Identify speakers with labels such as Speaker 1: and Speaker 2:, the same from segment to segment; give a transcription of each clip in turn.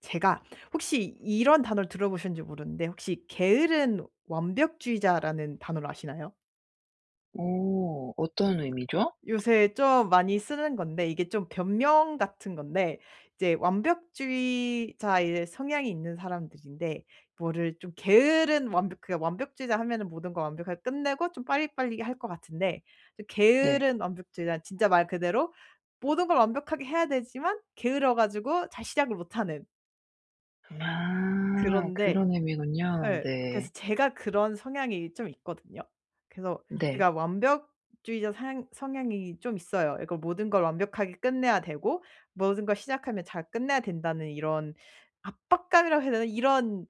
Speaker 1: 제가 혹시 이런 단어를 들어 보셨는지 모르는데 혹시 게으른 완벽주의자라는 단어를 아시나요?
Speaker 2: 어. 어떤 의미죠?
Speaker 1: 요새 좀 많이 쓰는 건데 이게 좀 변명 같은 건데 이제 완벽주의자의 성향이 있는 사람들인데 뭐를 좀 게으른 완벽 그러니까 완벽주의자 하면은 모든 걸 완벽하게 끝내고 좀 빨리빨리 할 것 같은데 좀
Speaker 2: 네.
Speaker 1: 게으른 완벽주의자는 진짜 말 그대로 모든 걸 완벽하게 해야 되지만 게을러 가지고 잘 시작을 못하는.
Speaker 2: 아.
Speaker 1: 그런데
Speaker 2: 그런 의미군요.
Speaker 1: 예
Speaker 2: 네.
Speaker 1: 그래서 제가 그런 성향이 좀 있거든요. 그래서
Speaker 2: 네.
Speaker 1: 제가 완벽주의자 상 성향이 좀 있어요. 이걸 모든 걸 완벽하게 끝내야 되고 '모든 걸 시작하면 잘 끝내야 된다.'는 이런 압박감이라고 해야 되나? 이런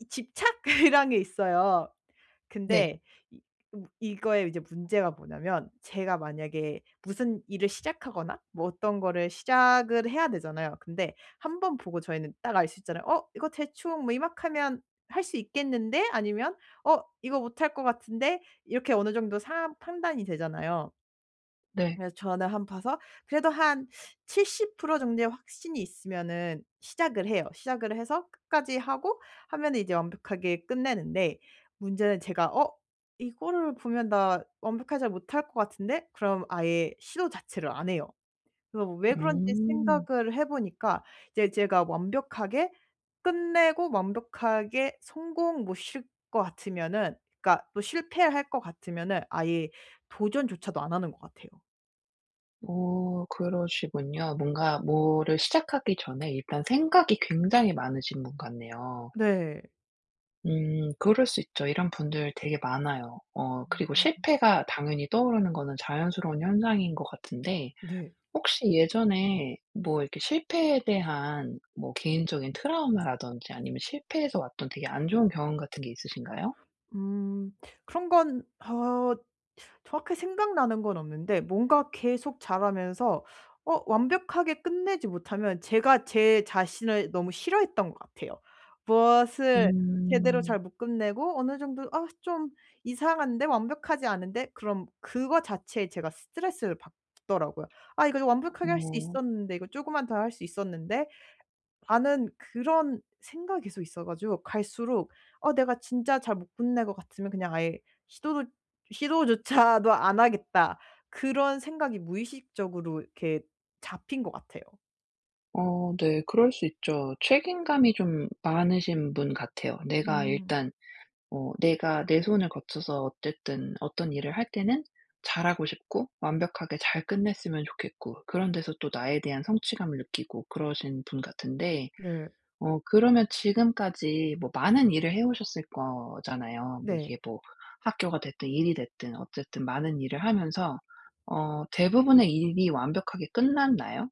Speaker 1: 이 집착 이런 게 있어요.
Speaker 2: 네.
Speaker 1: 근데 이 어 이거의 이제 문제가 뭐냐하면 제가 만약에 무슨 일을 시작하거나 뭐 어떤 거를 시작을 해야 되잖아요. 근데 1 번 보고 저희는 딱 알 수 있잖아요. '어 이거 대충 뭐 이만큼 하면 할 수 있겠는데? 아니면 어 이거 못 할 것 같은데?' 이렇게 어느 정도 상황 판단이 되잖아요.
Speaker 2: 네.
Speaker 1: 그래서 저는 한 봐서 그래도 한 70 프로 정도의 확신이 있으면은 시작을 해요. 시작을 해서 끝까지 하고 하면은 이제 완벽하게 끝내는데 문제는 제가 '어 이거를 보면 나 완벽하게 잘 못 할 것 같은데?' 그럼 아예 시도 자체를 안 해요. 그래서 왜 그런지
Speaker 2: 음.
Speaker 1: 생각을 해 보니까 이제 제가 완벽하게 끝내고 완벽하게 성공 못 시킬 것 같으면은 그러니까 또 실패할 것 같으면은 아예 도전조차도 안 하는 것 같아요.
Speaker 2: 어 그러시군요. 뭔가 뭐를 시작하기 전에 일단 생각이 굉장히 많으신 분 같네요.
Speaker 1: 네.
Speaker 2: 음 그럴 수 있죠. 이런 분들 되게 많아요. 어 그리고
Speaker 1: 음.
Speaker 2: 실패가 당연히 떠오르는 거는 자연스러운 현상인 거 같은데
Speaker 1: 네.
Speaker 2: 혹시 예전에 뭐 이렇게 실패에 대한 뭐 개인적인 트라우마라든지 아니면 실패에서 왔던 되게 안 좋은 경험 같은 게 있으신가요?
Speaker 1: 음. 그런 건 어 정확히 생각나는 건 없는데 뭔가 계속 자라면서 어 완벽하게 끝내지 못하면 제가 제 자신을 너무 싫어했던 것 같아요. 무엇을 제대로
Speaker 2: 음.
Speaker 1: 잘 못 끝내고 어느 정도 '아 좀 이상한데 완벽하지 않은데.' 그럼 그거 자체에 제가 스트레스를 받더라고요. '아 이거 더 완벽하게 할 수
Speaker 2: [unintelligible]
Speaker 1: 있었는데. 이거 쪼금만 더 할 수 있었는데.'라는 그런 생각이 계속 있어 가지고 갈수록 어 내가 진짜 잘 못 끝낼 것 같으면 그냥 아예 시도도 '시도조차도 안 하겠다.' 그런 생각이 무의식적으로 이렇게 잡힌 것 같아요.
Speaker 2: 어 네. 그럴 수 있죠. 책임감이 좀 많으신 분 같아요. 내가
Speaker 1: 음.
Speaker 2: 일단 어 내가 내 손을 거쳐서 어쨌든 어떤 일을 할 때는 잘하고 싶고 완벽하게 잘 끝냈으면 좋겠고 그런 데서 또 나에 대한 성취감을 느끼고 그러신 분 같은데.
Speaker 1: 네.
Speaker 2: 어 그러면 지금까지 뭐 많은 일을 해 오셨을 거잖아요. 뭐
Speaker 1: 네.
Speaker 2: 이게 뭐 학교가 됐든 일이 됐든 어쨌든 많은 일을 하면서 어 대부분의 일이 완벽하게 끝났나요?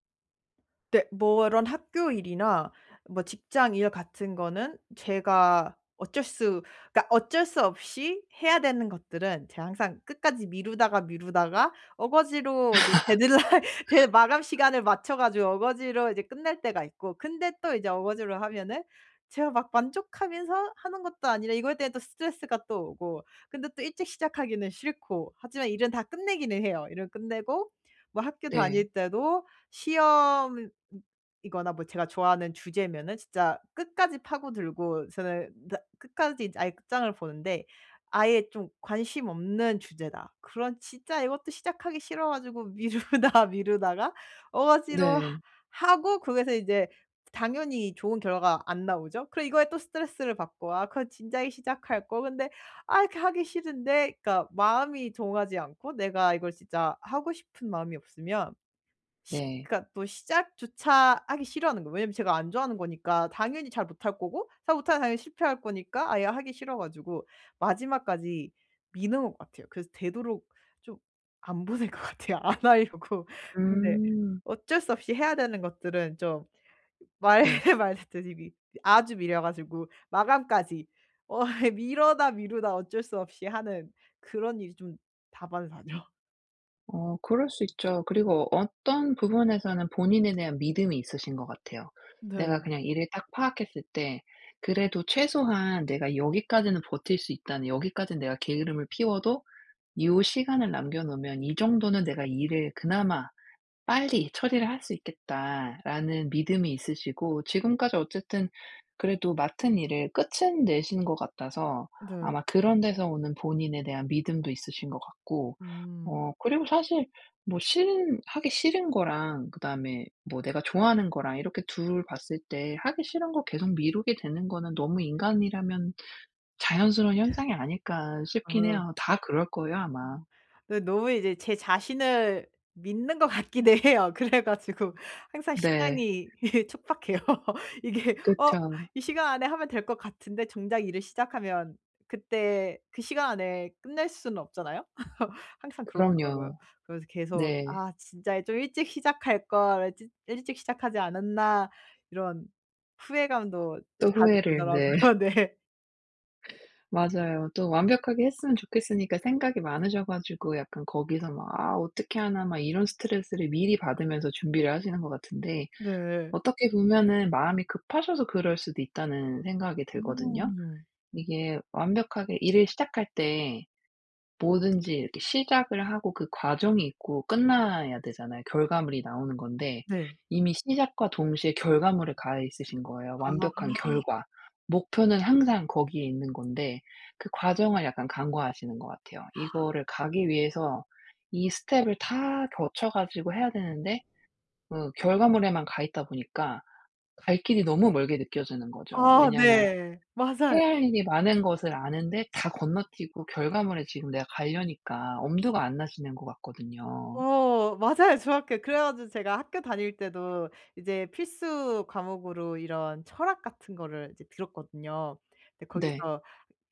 Speaker 1: 네. 뭐 이런 학교 일이나 뭐 직장 일 같은 거는 제가 어쩔 수 그러니까 어쩔 수 없이 해야 되는 것들은 제가 항상 끝까지 미루다가, 미루다가 억지로 이제 데드라인 데 마감 시간을 맞춰 가지고 억지로 이제 끝날 때가 있고 근데 또 이제 억지로 하면은 제가 막 만족하면서 하는 것도 아니라 이거에 대해 또 스트레스가 또 오고 근데 또 일찍 시작하기는 싫고 하지만 일은 다 끝내기는 해요. 일은 끝내고 뭐 학교
Speaker 2: 네.
Speaker 1: 다닐 때도 시험이거나 뭐 제가 좋아하는 주제면은 진짜 끝까지 파고들고 저는 다 끝까지 아예 끝장을 보는데 아예 좀 관심 없는 주제다. 그럼 진짜 이것도 시작하기 싫어 가지고 미루다, 미루다가 억지로
Speaker 2: 네.
Speaker 1: 하고 거기서 이제 당연히 좋은 결과가 안 나오죠. 그리고 이거에 또 스트레스를 받고 '아 그건 진작에 시작할 걸.' 근데 아 이렇게 하기 싫은데 그러니까 마음이 동하지 않고 내가 이걸 진짜 하고 싶은 마음이 없으면 시
Speaker 2: 네.
Speaker 1: 그러니까 또 시작조차 하기 싫어하는 거예요. 왜냐하면 제가 안 좋아하는 거니까 당연히 잘 못할 거고 잘 못하면 당연히 실패할 거니까 아예 하기 싫어 가지고 마지막까지 미는 것 같아요. 그래서 되도록 좀 안 보는 것 같아요. 안 하려고. 근데
Speaker 2: 음.
Speaker 1: 어쩔 수 없이 해야 되는 것들은 좀 말
Speaker 2: 네.
Speaker 1: 말했듯이 미 아주 미뤄 가지고 마감까지 어 미루다, 미루다 어쩔 수 없이 하는 그런 일이 좀 다반사죠.
Speaker 2: 어 그럴 수 있죠. 그리고 어떤 부분에서는 본인에 대한 믿음이 있으신 것 같아요. '내가
Speaker 1: 네.
Speaker 2: 그냥 일을 딱 파악했을 때 그래도 최소한 내가 여기까지는 버틸 수 있다.'는 '여기까지는 내가 게으름을 피워도 이후 시간을 남겨 놓으면 이 정도는 내가 일을 그나마 빨리 처리를 할 수 있겠다.'라는 믿음이 있으시고 지금까지 어쨌든 그래도 맡은 일을 끝은 내신 것 같아서
Speaker 1: 네.
Speaker 2: 아마 그런 데서 오는 본인에 대한 믿음도 있으신 것 같고.
Speaker 1: 음.
Speaker 2: 어 그리고 사실 뭐 싫은 하기 싫은 거랑 그다음에 뭐 내가 좋아하는 거랑 이렇게 2 봤을 때 하기 싫은 것 계속 미루게 되는 거는 너무 인간이라면 자연스러운 현상이 아닐까 싶긴
Speaker 1: 아.
Speaker 2: 해요. 다 그럴 거예요
Speaker 1: 음.
Speaker 2: 아마.
Speaker 1: 네 너무 이제 제 자신을 믿는 것 같기는 해요. 그래 가지고 항상
Speaker 2: 네.
Speaker 1: 시간이 촉박해요. 이게 어
Speaker 2: 그쵸.
Speaker 1: 이 시간 안에 하면 될 것 같은데 정작 일을 시작하면 그때 그 시간 안에 끝낼 수는 없잖아요. 항상 그렇더라고요.
Speaker 2: 그럼요.
Speaker 1: 그래서 계속
Speaker 2: 네.
Speaker 1: '아 진짜 좀 일찍 시작할 걸 찌 일찍 시작하지 않았나.' 이런 후회감도
Speaker 2: 또
Speaker 1: 자주
Speaker 2: 후회를 네.
Speaker 1: 들더라고요. 네.
Speaker 2: 맞아요. 또 완벽하게 했으면 좋겠으니까 생각이 많으셔 가지고 약간 거기서 막 '아 어떻게 하나.' 막 이런 스트레스를 미리 받으면서 준비를 하시는 것 같은데
Speaker 1: 네.
Speaker 2: 어떻게 보면은 '마음이 급하셔서 그럴 수도 있다.'는 생각이 들거든요.
Speaker 1: 음.
Speaker 2: 이게 완벽하게 일을 시작할 때 뭐든지 이렇게 시작을 하고 그 과정이 있고 끝나야 되잖아요. 결과물이 나오는 건데.
Speaker 1: 네.
Speaker 2: 이미 시작과 동시에 결과물에 가 있으신 거예요.
Speaker 1: 아.
Speaker 2: 완벽한 결과. 목표는 항상 거기에 있는 건데 그 과정을 약간 간과하시는 것 같아요. 이거를 가기 위해서 이 스텝을 다 거쳐 가지고 해야 되는데 그 결과물에만 가 있다 보니까 갈 길이 너무 멀게 느껴지는 거죠.
Speaker 1: 아
Speaker 2: 왜냐하면
Speaker 1: 네. 맞아요.
Speaker 2: 해야 할 일이 많은 것을 아는데 다 건너뛰고 결과물에 지금 내가 가려니까 엄두가 안 나시는 것 같거든요.
Speaker 1: 어 맞아요. 중학교 그래 가지고 제가 학교 다닐 때도 이제 필수 과목으로 이런 철학 같은 거를 이제 들었거든요. 근데
Speaker 2: 네.
Speaker 1: 거기서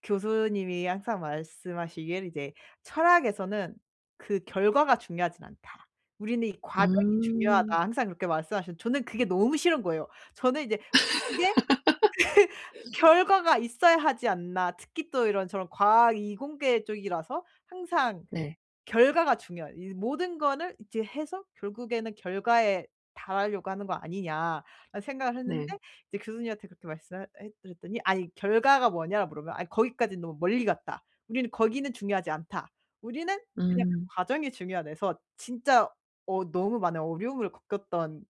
Speaker 1: 교수님이 항상 말씀하시기를 "이제 철학에서는 그 결과가 중요하진 않다. 우리는 이 과정이
Speaker 2: 음.
Speaker 1: 중요하다." 항상 그렇게 말씀하셨는데. 저는 그게 너무 싫은 거예요. 저는 이제 보는 게 '결과가 있어야 하지 않나.' 특히 또 이런저런 과학 이공계 쪽이라서 항상
Speaker 2: 네.
Speaker 1: 결과가 중요한 '이 모든 거는 이제 해서 결국에는 결과에 달하려고 하는 거 아니냐.'라는 생각을 했는데
Speaker 2: 네.
Speaker 1: 이제 교수님한테 그렇게 말씀을 하 해 해 드렸더니 "아니 결과가 뭐냐."라고 물으면 "아 거기까지는 너무 멀리 갔다. 우리는 거기는 중요하지 않다. 우리는 그냥 그
Speaker 2: 음.
Speaker 1: 과정이 중요하다." 해서 진짜 어 너무 많은 어려움을 겪었던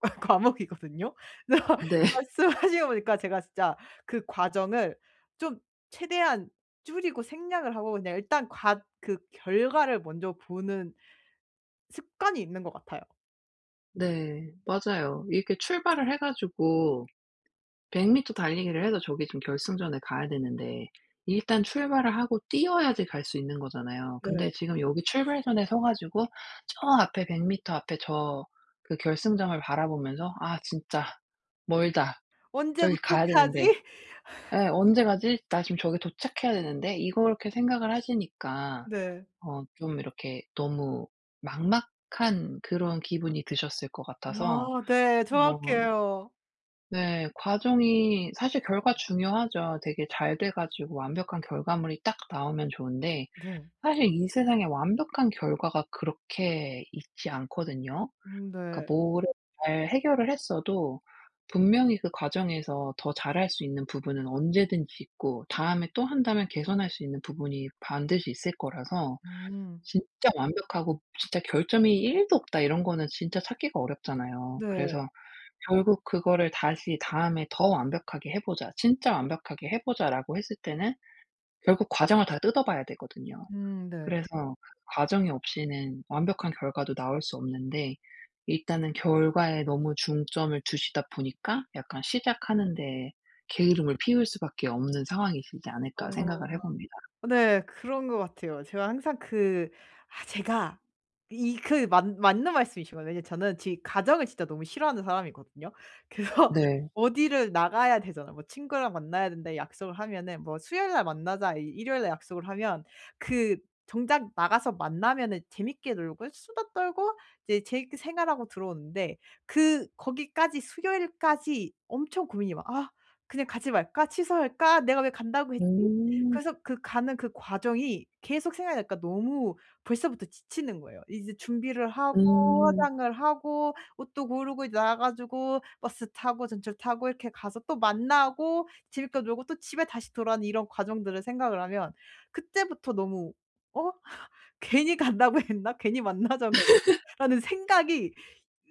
Speaker 1: 과목이거든요. 그래서
Speaker 2: 네.
Speaker 1: 말씀을 하시고 보니까 제가 진짜 그 과정을 좀 최대한 줄이고 생략을 하고 그냥 일단 과 그 결과를 먼저 보는 습관이 있는 것 같아요.
Speaker 2: 네 맞아요. 이렇게 출발을 해 가지고 100 미터 달리기를 해서 저기 좀 결승점에 가야 되는데 일단 출발을 하고 뛰어야지 갈 수 있는 거잖아요.
Speaker 1: 네.
Speaker 2: 근데 지금 여기 출발선에 서 가지고 저 앞에 100 미터 앞에 저 그 결승점을 바라보면서 '아 진짜 멀다.
Speaker 1: 언제
Speaker 2: 저기 가야 되는데.'
Speaker 1: 도착하지?
Speaker 2: 예. '언제 가지? 나 지금 저기 도착해야 되는데?' 이걸 이렇게 생각을 하시니까
Speaker 1: 네.
Speaker 2: 어 좀 이렇게 너무 막막한 그런 기분이 드셨을 것 같아서
Speaker 1: 아 네.
Speaker 2: 어.
Speaker 1: 정확해요.
Speaker 2: 네. 과정이 사실 결과 중요하죠. 되게 잘 돼 가지고 완벽한 결과물이 딱 나오면 좋은데
Speaker 1: 네.
Speaker 2: 사실 이 세상에 완벽한 결과가 그렇게 있지 않거든요.
Speaker 1: 음 네.
Speaker 2: 그러니까 뭐를 잘 해결을 했어도 분명히 그 과정에서 더 잘 할 수 있는 부분은 언제든지 있고 다음에 또 한다면 개선할 수 있는 부분이 반드시 있을 거라서
Speaker 1: 음.
Speaker 2: 진짜 완벽하고 진짜 "결점이 1 도 없다." 이런 거는 진짜 찾기가 어렵잖아요.
Speaker 1: 네.
Speaker 2: 그래서 결국 그거를 다시 "다음에 더 완벽하게 해 보자. 진짜 완벽하게 해 보자."라고 했을 때는 결국 과정을 다 뜯어 봐야 되거든요.
Speaker 1: 음 네.
Speaker 2: 그래서 과정이 없이는 완벽한 결과도 나올 수 없는데 일단은 '결과에 너무 중점을 두시다 보니까 약간 시작하는 데에 게으름을 피울 수밖에 없는 상황이시지
Speaker 1: 어.
Speaker 2: 않을까?' 생각을 해봅니다.
Speaker 1: 네 그런 것 같아요. 제가 항상 그 아 제가 이 그 맞 맞는 말씀이신 것 같아요. 왜냐하면 저는 지 과정을 진짜 너무 싫어하는 사람이거든요. 그래서
Speaker 2: 네.
Speaker 1: 어디를 나가야 되잖아요. 뭐 친구랑 만나야 된다 약속을 하면은 뭐 수요일 날 만나자 이 일요일 날 약속을 하면 그 정작 나가서 만나면은 재밌게 놀고 수다 떨고 이제 재밌게 생활하고 들어오는데 그 거기까지 수요일까지 엄청 고민이 막 '아 그냥 가지 말까? 취소할까? 내가 왜 간다고 했지?'
Speaker 2: 오.
Speaker 1: 그래서 그 가는 그 과정이 계속 생각이 나니까 너무 벌써부터 지치는 거예요. 이제 준비를 하고
Speaker 2: 음.
Speaker 1: 화장을 하고 옷도 고르고 이제 나와 가지고 버스 타고 전철 타고 이렇게 가서 또 만나고 재밌게 놀고 또 집에 다시 이런 과정들을 생각을 하면 그때부터 너무 어 '괜히 간다고 했나? 괜히 만나자고 했나?'라는 생각이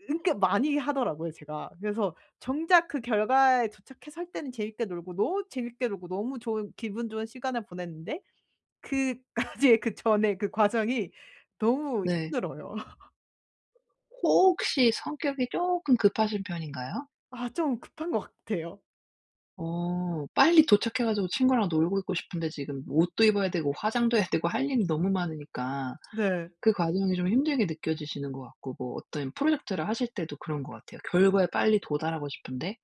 Speaker 1: 그렇게 많이 하더라고요 제가. 그래서 정작 그 결과에 도착해서 할 때는 재밌게 놀고 너무 재밌게 놀고 너무 좋은 기분 좋은 시간을 보냈는데 그까지의 그 전에 그 과정이 너무
Speaker 2: 네.
Speaker 1: 힘들어요.
Speaker 2: 혹시 성격이 쪼끔 급하신 편인가요?
Speaker 1: 아 좀 급한 것 같아요.
Speaker 2: 어 빨리 도착해 가지고 친구랑 놀고 있고 싶은데 지금 옷도 입어야 되고 화장도 해야 되고 할 일이 너무 많으니까
Speaker 1: 네.
Speaker 2: 그 과정이 좀 힘들게 느껴지시는 것 같고 뭐 어떤 프로젝트를 하실 때도 그런 것 같아요. 결과에 빨리 도달하고 싶은데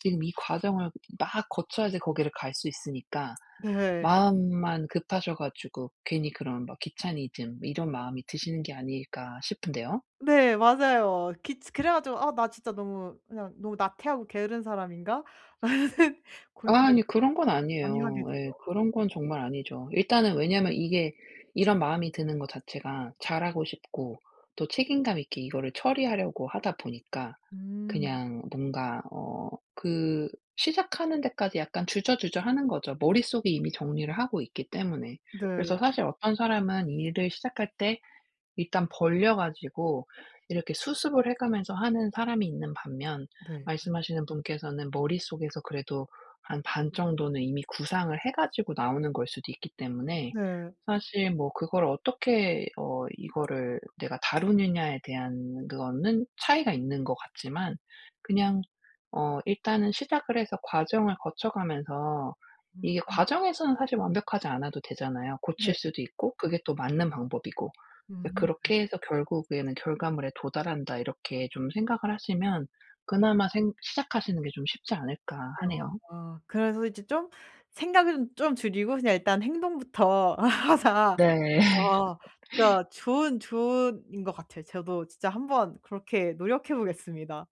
Speaker 2: 지금 이 과정을 막 거쳐야지 거기를 갈 수 있으니까
Speaker 1: 네.
Speaker 2: 마음만 급하셔 가지고 괜히 그런 막 귀차니즘 이런 마음이 드시는 게 아닐까 싶은데요.
Speaker 1: 네 맞아요. 귀차 그래 가지고 아 '나 진짜 너무 그냥 너무 나태하고 게으른 사람인가?' 라는 생
Speaker 2: 아
Speaker 1: 고민같은
Speaker 2: 아니 그런 건
Speaker 1: 많이 하게
Speaker 2: 아니에요. 예.
Speaker 1: 돼요.
Speaker 2: 그런 건 정말 아니죠. 일단은 왜냐하면 이게 이런 마음이 드는 것 자체가 잘 하고 싶고 또 책임감 있게 이거를 처리하려고 하다 보니까
Speaker 1: 음.
Speaker 2: 그냥 뭔가 어 그 시작하는 데까지 약간 주저주저하는 거죠 머릿속에 이미 정리를 하고 있기 때문에. 그래서
Speaker 1: 네.
Speaker 2: 사실 어떤 사람은 일을 시작할 때 일단 벌려 가지고 이렇게 수습을 해 가면서 하는 사람이 있는 반면
Speaker 1: 네.
Speaker 2: 말씀하시는 분께서는 머릿속에서 그래도 한 반 정도는 이미 구상을 해 가지고 나오는 것 일 수도 있기 때문에
Speaker 1: 네.
Speaker 2: 사실 뭐 그걸 어떻게 어 이거를 내가 다루느냐에 대한 그거는 차이가 있는 것 같지만 그냥 어 일단은 시작을 해서 과정을 거쳐가면서 이게
Speaker 1: 음.
Speaker 2: 과정에서는 사실 완벽하지 않아도 되잖아요.
Speaker 1: 네네.
Speaker 2: 고칠 수도 있고 그게 또 맞는 방법이고. 그래서
Speaker 1: 음 네.
Speaker 2: '그렇게 해서 결국에는 결과물에 도달한다.' 이렇게 좀 생각을 하시면 그나마 생 '시작하시는 게 좀 쉽지 않을까?' 하네요.
Speaker 1: 아 그래서 이제 좀 '생각은 좀 줄이고 그냥 일단 행동부터 하자.'
Speaker 2: 네.
Speaker 1: 아 진짜 좋은 조언인 것 같아요. 저도 진짜 한번 그렇게 노력해 보겠습니다.